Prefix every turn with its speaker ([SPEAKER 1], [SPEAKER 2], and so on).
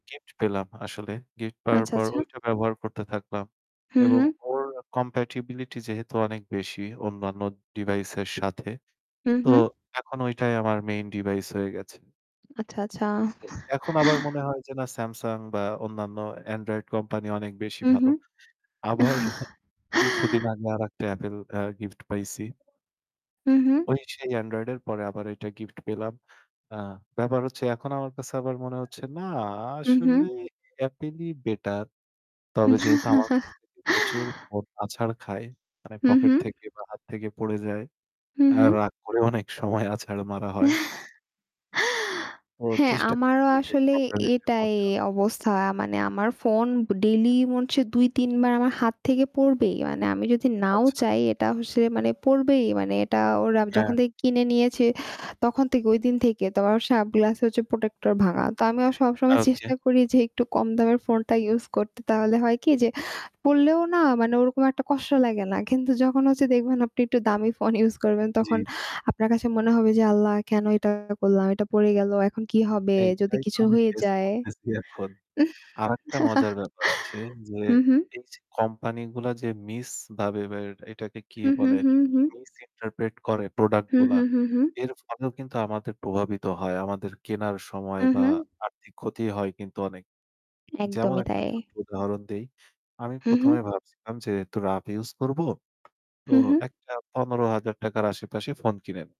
[SPEAKER 1] Gift পেলাম আসলে। Gift পাওয়ার
[SPEAKER 2] আচ্ছা,
[SPEAKER 1] পর
[SPEAKER 2] আচ্ছা।
[SPEAKER 1] ঐটা ব্যবহার করতে থাকলাম।
[SPEAKER 2] হু,
[SPEAKER 1] এবং
[SPEAKER 2] হু।
[SPEAKER 1] ওর compatibility যেহেতু অনেক বেশি, অন্যান্য device এর সাথে।
[SPEAKER 2] হু,
[SPEAKER 1] তো
[SPEAKER 2] হু।
[SPEAKER 1] এখন ঐটাই আমার main device হয়ে গেছে।
[SPEAKER 2] আচ্ছা, আচ্ছা।
[SPEAKER 1] এখন আবার মনে হয় যে না Samsung বা অন্যান্য Android কোম্পানি অনেক বেশি
[SPEAKER 2] হু, হু।
[SPEAKER 1] ভালো। আবার কিছুদিন আগে আরেকটা Apple অ্যা গিফট পাইছি।
[SPEAKER 2] হু, হু।
[SPEAKER 1] ওই সেই Android এর পরে আবার এইটা গিফট পেলাম। আ ব্যাপার হচ্ছে এখন আমার কাছে আবার মনে হচ্ছে না
[SPEAKER 2] হু, হু।
[SPEAKER 1] আসলে Apple ই বেটার। তবে যেহেতু আমার কাছ থেকে প্রচুর ফোন আছাড় খায়, মানে
[SPEAKER 2] হু,
[SPEAKER 1] পকেট
[SPEAKER 2] হুঁ।
[SPEAKER 1] থেকে বা হাত থেকে পড়ে যায়।
[SPEAKER 2] হু,
[SPEAKER 1] অ্যা
[SPEAKER 2] হু।
[SPEAKER 1] রাগ করেও অনেক সময় অনেক সময় আছাড় মারা হয়। ও
[SPEAKER 2] হ্যাঁ,
[SPEAKER 1] চেষ্টা
[SPEAKER 2] আমারও
[SPEAKER 1] করছি যে
[SPEAKER 2] আসলে
[SPEAKER 1] কম দামি একটি ফোন
[SPEAKER 2] এটাই
[SPEAKER 1] নেওয়া।
[SPEAKER 2] অবস্থা। আ মানে আমার ফোন ডেইলি মন সে ২, ৩ বার আমার হাত থেকে পড়বেই। মানে আমি যদি
[SPEAKER 1] আচ্ছা,
[SPEAKER 2] নাও
[SPEAKER 1] আচ্ছা।
[SPEAKER 2] চাই এটা অ সে মানে পড়বেই। মানে এটা ওর আ
[SPEAKER 1] হ্যাঁ।
[SPEAKER 2] যখন থেকে কিনে নিয়েছে, তখন থেকে ঐদিন থেকে ত ওর সব গ্লাস হচ্ছে protector ভাঙা। তো আমিও সবসময়
[SPEAKER 1] ওকে।
[SPEAKER 2] চেষ্টা করি যে একটু কম দামের ফোনটা ইউজ করতে। তাহলে হয় কি? যে পড়লেও না মানে ওরকম একটা কষ্ট লাগে না। কিন্তু যখন হচ্ছে দেখবেন আপনি একটু দামি ফোন ইউজ করবেন
[SPEAKER 1] জ্বী,
[SPEAKER 2] তখন
[SPEAKER 1] জ্বী।
[SPEAKER 2] আপনার কাছে মনে হবে যে "আল্লাহ কেন এটা করলাম? এটা পড়ে গেলো। এখন কি হবে? যদি
[SPEAKER 1] এইটাই তো
[SPEAKER 2] কিছু
[SPEAKER 1] আমি
[SPEAKER 2] হয়ে
[SPEAKER 1] ফেস
[SPEAKER 2] যায়।"
[SPEAKER 1] করতেছি এখন।
[SPEAKER 2] উম
[SPEAKER 1] আরেকটা মজার ব্যাপার আছে। যে
[SPEAKER 2] হু, হুঁ।
[SPEAKER 1] এই যে কোম্পানিগুলা যে মিসভাবে বা এটাকে কি
[SPEAKER 2] হুম, হুম,
[SPEAKER 1] বলে?
[SPEAKER 2] হুম, হুম।
[SPEAKER 1] Misinterpret করে
[SPEAKER 2] হু,
[SPEAKER 1] প্রোডাক্টগুলা,
[SPEAKER 2] হু, হু, হু।
[SPEAKER 1] এর ফলেও কিন্তু আমাদের প্রভাবিত হয় আমাদের কেনার সময়
[SPEAKER 2] হু,
[SPEAKER 1] বা
[SPEAKER 2] হু।
[SPEAKER 1] আর্থিক ক্ষতি হয় কিন্তু অনেক। যেমন
[SPEAKER 2] একদমই
[SPEAKER 1] একটা
[SPEAKER 2] তাই।
[SPEAKER 1] ছোট্ট উদাহরণ দেই। আমি
[SPEAKER 2] হু,
[SPEAKER 1] ১ম
[SPEAKER 2] হু।
[SPEAKER 1] এ ভাবছিলাম যে একটু rough use করবো। তো
[SPEAKER 2] হু, হু।
[SPEAKER 1] একটা ৳১৫,০০০ র আশেপাশে ফোন কিনে